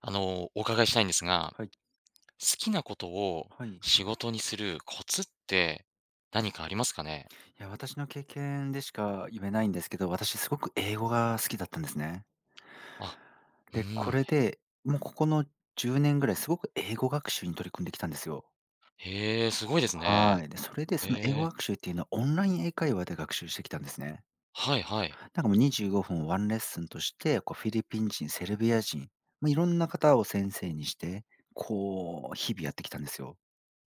あの、お伺いしたいんですが、はい。好きなことをはい。仕事にするコツって何かありますかね？いや、私の経験でしか言えないんですけど、私すごく英語が好きだったんですね。あ、うで、こん。れで、もうここの10年ぐらい、すごく英語学習に取り組んできたんですよ。へえ、すごいですね。はい。で、それでその英語ええ。学習っていうのは、オンライン英会話で学習してきたんですね。はい、はい。なんかもう、25分ワンレッスンとして、こう、フィリピン人、セルビア人、もういろんな方を先生にして、こう日々やってきたんですよ。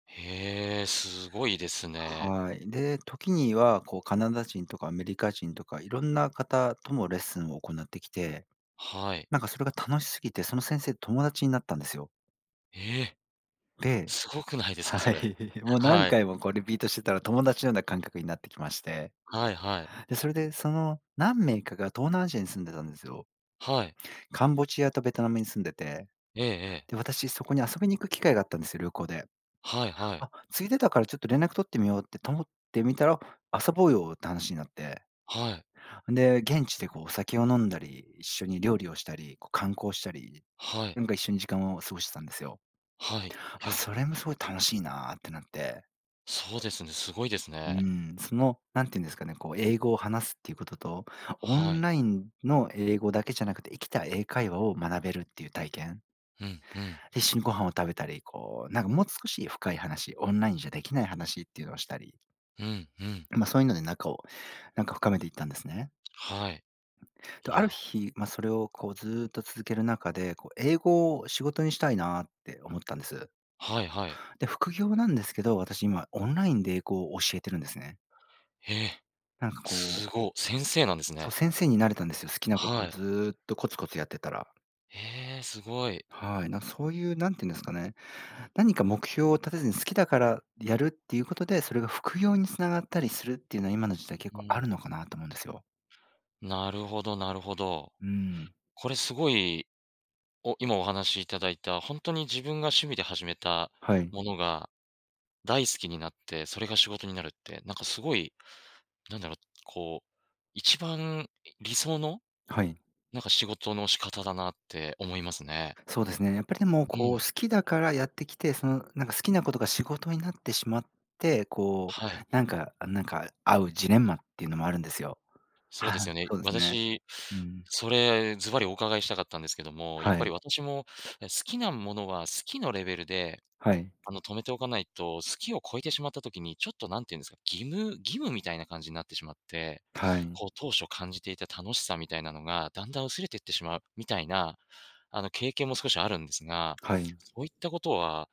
へえ、すごいですね。はい。で、時にはこう、カナダ人とかアメリカ人とかいろんな方とのレッスンを行ってきて、はい。なんかそれが楽しすぎて、その先生、友達になったんですよ。へえ！ですごくないですか、そはい。れ？もはう何はい。回も、こう、リピートしてたら友達のような感覚になってきまして、はい、はい。で、それでその何名かが東南アジアに住んでたんですよ。はい。カンボジアとベトナムに住んでて。ええ、ええ。で、私そこに遊びに行く機会があったんです、旅行ではい、はい。「あ、ついでだからちょっと連絡取ってみよう」って取もってみたら「遊ぼうよ」って話になって。はい。んで、現地でこう、お酒を飲んだり一緒に料理をしたり、こう、観光したり、はい。なんか一緒に時間を過ごしてたんですよ。はい、ま、や！それも「すごい楽しいな」ってなってそうですね、すごいですうね。ん、その、何てゆんですかね、こう、英語を話すっていうことと、オはンい。ラインの英語だけじゃなくて、生きた英会話を学べるっていう体験。うん、うん。一緒にご飯を食べたり、こう、なんかもう少し深い話、オンラインじゃできない話っていうのをしたり。うん、うん。まあ、そういうので仲を、なんか深めていったんですね。はい。いと、あや。る日、まあ、それを、こうずっと続ける中で、こう英語を仕事にしたいなって思ったんです。はいはい。で、副業なんですけど、私、今オンラインで英語を教えてるんですね。へえ。なんかこうすご、先生なんですそね。う、先生になれたんですよ。好きなこはとを、い。ずっとコツコツやってたら。ええ、すごい。はい、なん、そういう、なんてゆんですかね、何か目標を立てずに、好きだからやるっていうことで、それが副業につながったりするっていうのは、今の時代結う構あん。るのかなと思うんですよ。なるほどなるほど、うん。これすごいお今お話しいただいた、ほんとに自分が趣味で始めたはい。ものが、大好きになって、それが仕事になるって、なんかすごい、なんだろう、こう、一番理想の、はい。なんか仕事の仕方だなって思いますね。そうですね。やっぱりでも、うこう、好ん。きだからやってきて、その、なんか、好きなことが仕事になってしまって、こはい。うなんか、あ、なんか、あうジレンマっていうのもあるんですよ。そうですは、よね、そうですね。私、うん。それ、ずばりお伺いしたかったんですけども、やっはぱりい。私も、え、好きなものは好きのレベルで、はい。あの、止めておかないと、好きを超えてしまった時に、ちょっと何て言うんですか、義務義務みたいな感じになってしまって、はい。こう当初感じていた楽しさみたいなのが、だんだん薄れてってしまう、みたいな、あの、経験も少しあるんですが、はい。そういったことは、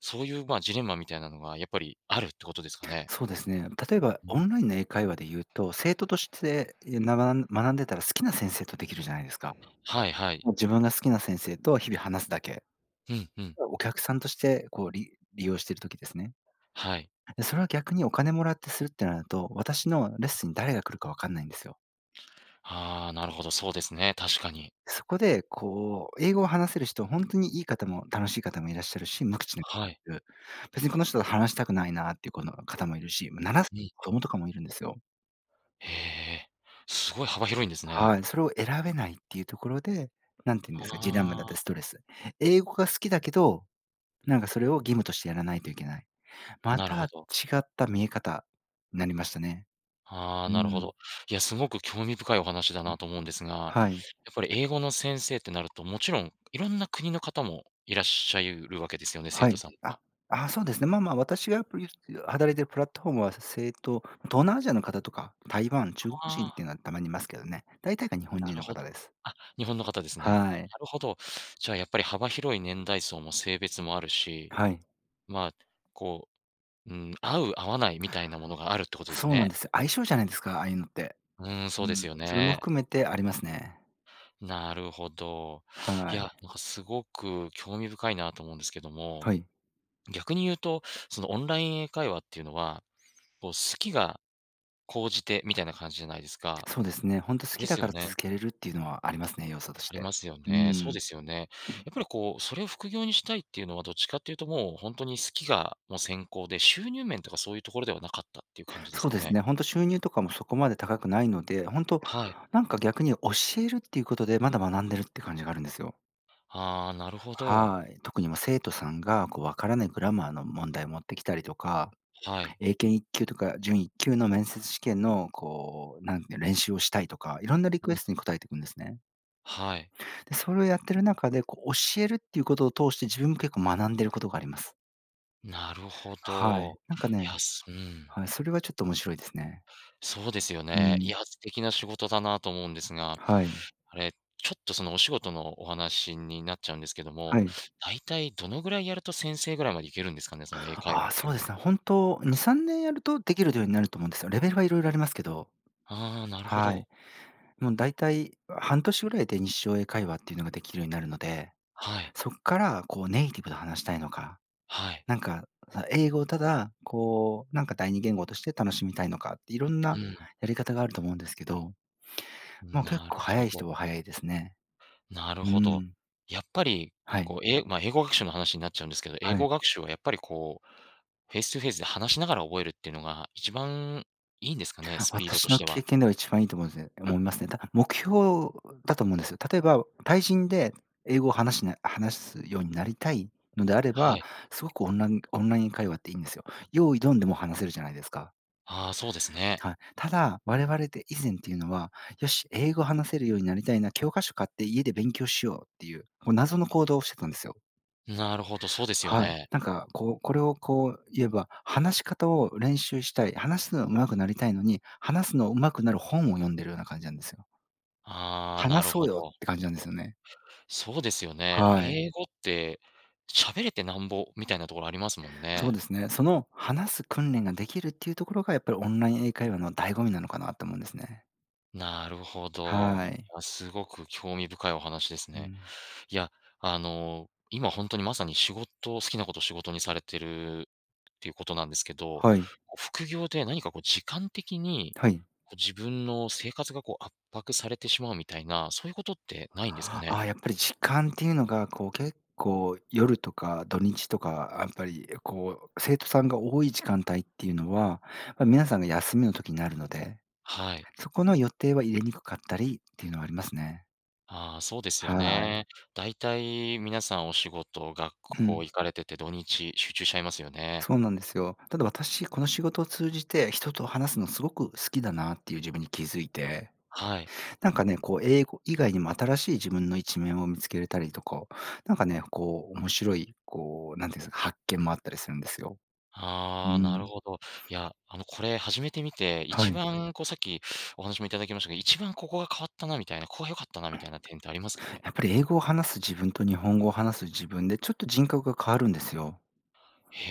そういう、まあ、ジレンマみたいなのがやっぱりあるってことですかね？そうですね、例えばうオん。ンラインの英会話で言うと、生徒として、いや、ななん学んでたら好きな先生とできるじゃないですか。はいはい。もう自分が好きな先生と日々話すだけ。うん、うん。お客さんとしてこう、り利用してる時ですね。はい。それを逆にお金もらってするってなると、私のレッスンに誰が来るかわかんないんですよ。ああ、なるほど、そうですね、確かに。そこで、こう、英語を話せる人、ほんとにいい方も、楽しい方もいらっしゃるし、無口なはい。「別にこの人と話したくないな」っていうこの、方も居るし、ま、7うん。子供とかも居るんですよ。へえ、すごい幅広いんですね。はい、それを選べないっていうところで、何て言うんですか、ジレンマだっあたりあ。ストレス。英語が好きだけど、なんかそれを義務としてやらないといけない。まなるたほ違ど。った見え方、なりましたね。あ、うなるほん。ど。いや、すごく興味深いお話だうなん。と思うんですが、やっはい。ぱり英語の先生ってなると、もちろん、いろんな国の方もいらっしゃいるわけですよね？生は徒い、さんあは。っ、あ、そうですね。まあまあ私が、ぷゆすてあ働いてるプラットフォームは、生徒、東南アジアの方とか、台湾、中国あ人ってあ。いうのはたまに居ますけどね。大体が日本な人るのほ方ど。です。あ、日本の方ですね。はい。なるほど。じゃあ、やっぱり幅広い年代層も性別もあるし、はい。ま、こう、うん、合う合わないみたいなものがあるってことですそうなんね？です。相性じゃないですか、ああいうのって。うん、そううですん、よそれもね。含めて、ありますね。なるほど。いはい。や、なかすごく興味深いなと思うんですけども、はい。逆に言うと、その、オンライン英会話っていうのは、こう、好きが高じてみたいな感じじゃないですか？そうですね。ほんと好できだすかよらね。続けれるっていうのはありますね、要素としありて。ますようね。そうん。ですよね。やっぱりこう、それを副業にしたいっていうのは、どっちかっていうともう、ほんとに好きが、もう先行で、収入面とかそういうところではなかったっていう感じですそうかですね？ね、ほんと収入とかもそこまで高くないので、ほんと、はい。なんか逆に教えるっていうことで、まだ学んでるって感じがあるんですよ。ああ、なるほど。はい。特に、ま、生徒さんが、こう、分からないグラマーの問題を持ってきたりとか、はい。英検一級とか準一級の面接試験の、こう、なんて練習をしたいとか、いろんなリうクん。エストに答えてくんですね。はい。で、それをやってる中で、こう教えるっていうことを通して、自分も結構学んでいることがあります。なるほはい。ど。なんかやねすうん。はい、それはちょっと面白いですね。そうですようね。いん。や、素敵な仕事だなと思うんですが、はい。あれ、ちょっとそのお仕事のお話になっちゃうんですけどはも、い。大体どのぐらいやると先生ぐらいまで行けるんですかね、その英会話あっあ、ていそううでのは。すね、本当2、3年やるとできるようになると思うんですよ。レベルは色々ありますけど。ああ、なるほはい。ど。もうだいたい半年ぐらいで日常英会話っていうのができるようになるので、はい。そっからこうネイティブと話したいのか、はい。なんか英語をただこう、なんか第二言語として楽しみたいのかって、いろんうなん。やり方があると思うんですけど。まあ、結な構るほ早いど。人は早いですね。なるうほど。ん。やっぱり、はい。こう、えいまあ、英語学習の話になっちゃうんですけど、英はい。語学習はやっぱりこう、フェイストゥフェイスで話しながら覚えるっていうのが一番いいんですかね？スピードと私しのては。経験では一番いいと思うんす思いますね。た目標だと思うんですよ。例えば、対人で英語を話しな話すようになりたいのであれはば、い。すごくオンランオンライン会話っていいんですよ。用意ドンでもう話せるじゃないですか。ああ、そうですね。はい、ただ、我々で以前っていうのは、よし、英語話せるようになりたいな、教科書買って家で勉強しようっていう、こう謎の行動をしてくんですよ。なるほど、そうですよはい、ね。なんかこう、これをこう言えば、話し方を練習したい、話すのが上手くなりたいのに、話すのをうまくなる本を読んでるような感じなんですよ。ああ、な「話るそうほよ」っど。て、感じなんですよね。そうですよね。はい。英語って、喋れてなんぼみたいなところありますもんそうでね。すね。その話す訓練ができるっていうところが、やっぱりオンライン英会話の醍醐味なのかなと思うんですね。なるほはど。い。いや、すごく興味深いお話ですうね。ん。いや、あの、今、ほんとに、まさに仕事好きなことを仕事にされてるっていうことなんですけど、はい。副業で何か、こう、時間的に、はい。こう、自分の生活が、こう、圧迫されてしまうみたいな、そういうことってないんですかあね。あ、やっぱり、時間っていうのが、こう、結構、夜とか土日とか、やっぱり、こう、生徒さんが多い時間帯っていうのは、ま、皆さんが休みの時なるので、はい。そこの予定は入れにくかったりっていうのはありますね。あ、そうですよはい。ね。大体皆さんお仕事、学う校ん。行かれてて土日集中しちゃいますよね。そうなんですよ。ただ、私、この仕事を通じて、人と話すのすごく好きだなっていう自分に気づいて。はい。なんかね、こう、英語以外にも新しい自分の一面を見つけれたりとか、なんかね、こう、面白い、こう、なんていうんですか、発見もあったりするんですよ。うああ、なるん。ほど。いや、あの、これ始めてみて、は一い。番、こう、さっきお話もいただきましたけど、一番、ここが変わったなみたいな、ここが良かったなみたいな点ってありますかね。やっぱり、英語を話す自分と日本語を話す自分で、ちょっと、人格が変わるんですよ。へ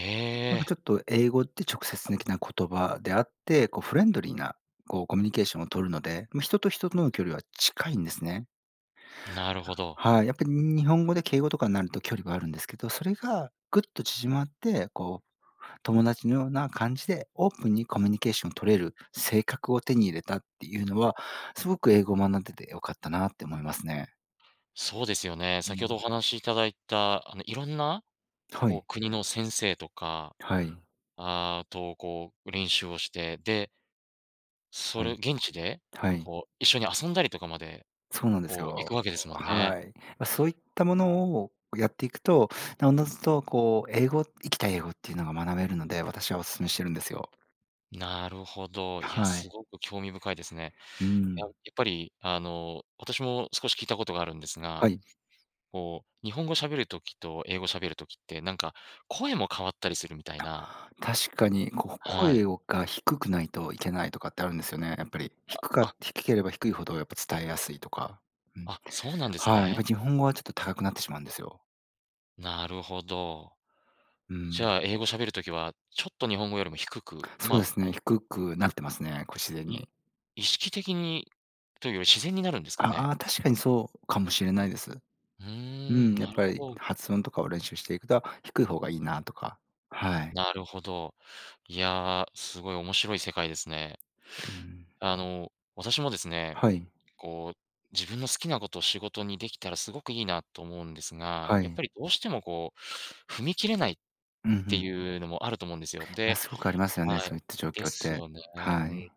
なんか、え。ちょっと、英語って直接的な言葉であって、こう、フレンドリーな、こう、コミュニケーションを取るので、ま、人と人との距離は近いんですね。なるほど。はい、やっぱり、に日本語で敬語とかになると距離があるんですけど、それがぐっと縮まって、こう、友達のような感じでオープンにコミュニケーションを取れる性格を手に入れたっていうのは、すごく英語を学んでて良かったなって思いますね。そうですよね、う先ほん。どお話しいただいた、あの、いろんなはこうい。国の先生とか、はい。あと、こう、練習をして、でそはれ、い。現地ではい。こう、一緒に遊んだりとかまで、そうなんですこう、いよ。くわけですもんね。はい。ま、そういったものをやっていくと、なおのずとこう英語生きた英語っていうのが学べるので、私はお勧めしてるんですよ。なるほど、いや、はすい。ごく興味深いですね。うややん。っぱりあの、私も少し聞いたことがあるんですが、はい。こう、日本語喋る時と英語喋る時って、なんか声も変わったりするみたいあ、な確かに、こは声い。をが、低くないといけないとかってあるんですよね、やっぱりあ、低かあ。低ければ低いほどやっぱ伝えやすいとか、うんあ、そうなんですはい、やっぱね。日本語はちょっと高くなってしまうんですよ。なるほど。うじん。ゃあ英語喋る時は、ちょっと日本語よりも低く、そうまですね、低くなってますね、これ自然い、に。意識的にというより自然になるんですかあ、ね？ああ、確かにそうかもしれないです。ううん、ーん。やっなるぱほりど。発音とかを練習していくだ低い方がいいなとか、はい。なるほど、いや、すごい面白い世界ですね。うん。あの、私もですね、はい。こう、自分の好きなことを仕事にできたらすごくいいなと思うんですが、はやっい。ぱりどうしてもこう、踏み切れないっうん、ふてん。いうのもあると思うんですよ。あ、ですごくありますよねはい、そういった状で況っすて、よね、うはん。い。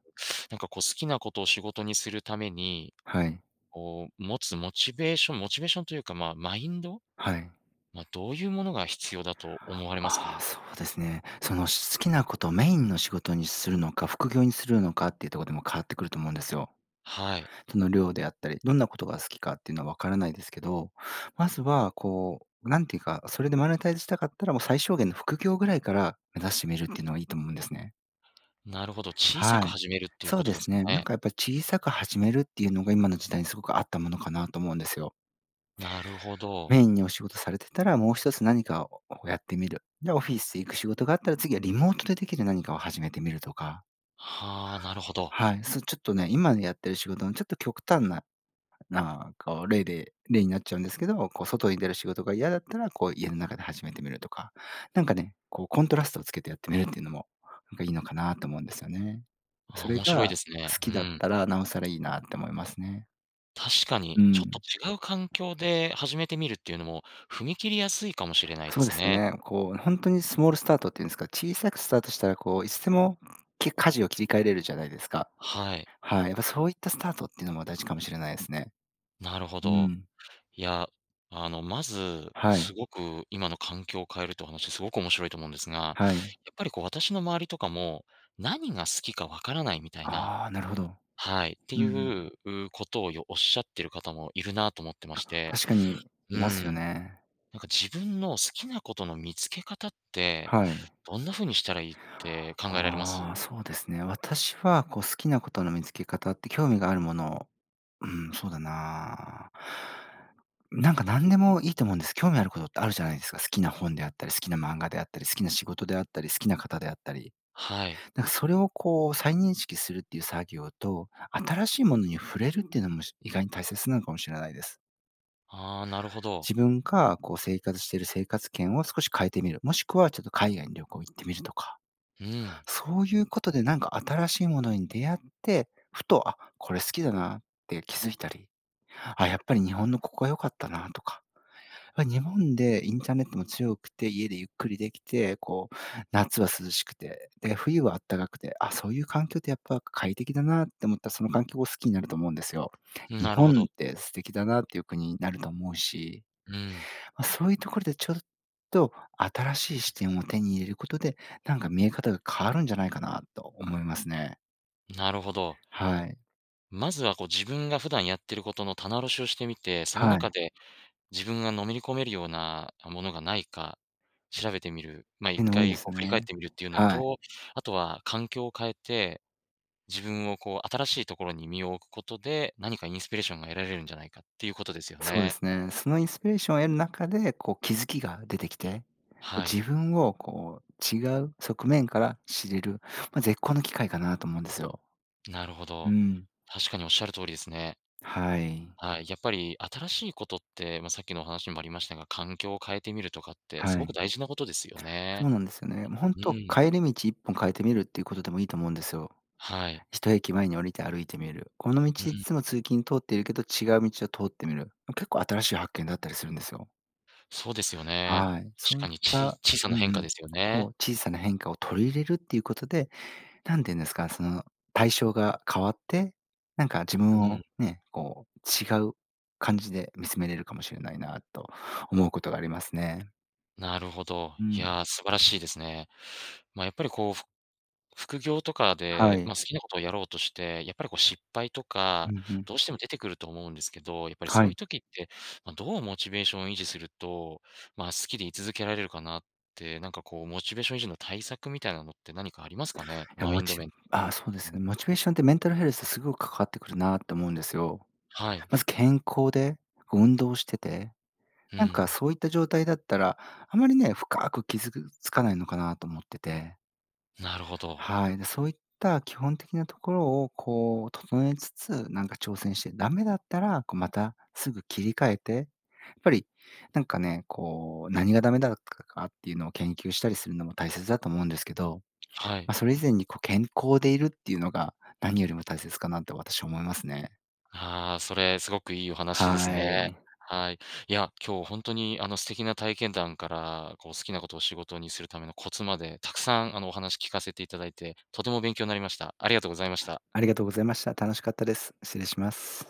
なんかこう、好きなことを仕事にするために、はい。こう、持つモチベーションモチベーションというか、まあ、マインド？はい。ま、どういうものが必要だと思われますか？ああ、そうですね。その、し好きなことをメインの仕事にするのか、副業にするのかっていうとこでも変わってくると思うんですよ。はい。その、量であったり、どんなことが好きかっていうのはわからないですけど、まずはこう、なんていうか、それでマネタイズしたかったらもう最小限の副業ぐらいから目指してみるっていうのはいいと思うんですね。なるほど、小さはくい。始めるっていうそこうとでですすかね。なんね。かやっぱ、小さく始めるっていうのが、今の時代にすごく合ったものかなと思うんですよ。なるほど。メインにお仕事されてたら、もう一つ何かををやってみる。で、オフィス行く仕事があったら、次はリモートでできるなにかを始めてみるとかはあ、なるほど。はい、そう、ちょっとね、今のやってる仕事のちょっと極端なな、こう、例で例になっちゃうんですけど、こう外に出る仕事が嫌だったら、こう家の中で始めてみるとか。なんかね、こう、コントラストをつけてやってみるっていうのも、なんかいいのかなと思うんですよね。そああ、れ面白いがですね、好うきだっん。たら尚更いいなって思いますね。確かうに、ちょっん。と違う環境で始めてみるっていうのも、踏み切りやすいかもしれないでそうですすね。ね、こう、ほんとにスモールスタートっていうんですか、小さくスタートしたら、こういつでも、け舵を切り替えれるじゃないですか。はい。はい、やっぱそういったスタートっていうのも大事かもしれないですね。なるほうど。ん。いや、あの、まずはい。すごく、今の環境を変えるっていうお話すごく面白いと思うんですが、やっはい。ぱりこう、私の周りとかも、なにが好きか分からないみたいなああ、なるほど。はい、ってうんいうん。うことをよおっしゃってるかたもいるなと思ってまあ、して、確かにういますよん。ね。なんか自分の好きなことの見つけ方って、はい。どんな風にしたらいいって考えられます？ああ、そうですね。私はこう、好きなことの見つけ方って、興味があるものを、うん、そうだななんかなんでもいいと思うんです、興味あることってあるじゃないですか、好きな本であったり好きな漫画であったり、好きな仕事であったり好きなかたであったり。はい。なんかそれをこう再認識するっていう作業と、新しいものに触れるっていうのも、し意外に大切なのかもしれないです。ああ、なるほど。自分か、こう、生活してる生活圏を少し変えてみる、もしくは、ちょっと海外に旅行行ってみるとか、うん。そういうことで、なんか新しいものに出会って、ふと「あ、これ好きだな」って気づいたり「あ、やっぱり日本のここは良かったな」とか。まあ、日本でインターネットも強くて家でゆっくりできて、こう、夏は涼しくて、で、冬はあったかくて「あ、そういう環境ってやっぱ快適だな」って思った、その環境を好きになると思うんですよ。ん、日なるほ本ど。って素敵だなっていう国になると思うし。うん。ま、そういうところでちょっと新しい視点を手に入れることで、なんか見え方が変わるんじゃないかなと思いますね。なるほど。はい。まずは、こう、自分が普段やってることの棚卸しをしてみて、そのは中い。で、自分がのめり込めるようなものがないか調べてみる、ま、変一な多いで回、すこう、ね。振り返ってみるっていうのはい。と、あとは環境を変えて、自分をこう、新しいところに身を置くことで、何かインスピレーションが得られるんじゃないかっていうことですよそうでね。すね、そのインスピレーションを得る中で、こう、気づきが出てきて、はい。自分をこう、違う側面から知れる、ま、絶好の機会かなと思うんですよ。なるほうど。ん。確かに、おっしゃる通りですね。はい。はい、やっぱり新しいことって、まあ、さっきのお話にもありましたが、環境を変えてみるとかってすはごい。く大事なことですよそね。うなんですよね。もうほんうと、ん。帰り道一本変えてみるっていうことでも、いいと思うんですよ。はい。1駅前に降りて歩いてみる。この道ういっん。つも通勤通っているけど、違う道を通ってみる。あ、結構新しい発見だったりするんですよ。そうですよね。はい、しそういかっに、ちいた小さうなん変う化ん、ですよそね。う、小さな変化を取り入れるっていうことで、なんて言うんですか、その、対象が変わって、なんか自う分ん。を、ね、こう違う感じで見つめれるかもしれないなと、思うことがありますね。なるほど。ういん。や、素晴らしいですね。まあ、やっぱりこう、ふ副業とかはで、い。まあ、好きなことをやろうとして、やっぱりこう失敗とうか、ん、ふん。どうしても出てくると思うんですけど。やっぱりはそういうい。時って、ま、どうモチベーションを維持すると、まあ、好きで居続けられるかなって、なんかこうモチベーション維持の対策みたいなのって何かありますかね、いや、マモインドチ面とかあ、もそうでうすね、ん。モチベーションって、メンタルヘルス、すごかかってくるなって思うんですよ。はい。まず健康で運動してて、うなんかん。そういった状態だったら、あまりね、深く傷ぐつかないのかなと思ってて。なるほど。はい、で、そういった基本的なところを、こう整えつつ、なんか挑戦してダメだったら、こう、また、すぐ切り替えて。ぱりなんかね、こう何がダメだ、かかっていうのを研究したりするのも、大切だと思うんですけど。はい。ま、それ以前に、こう健康でいるっていうのが、何よりも大切かなと、私は思いますね。ああ、それすごくいいお話ですはね。い。はい。いや、今日ほんとにあの、素敵な体験談から、こう好きなことを仕事にするためのコツまで、たくさんあの、お話聞かせていただいて、とても勉強になりました。ありがとうございました。ありがとうございました。楽しかったです。失礼します。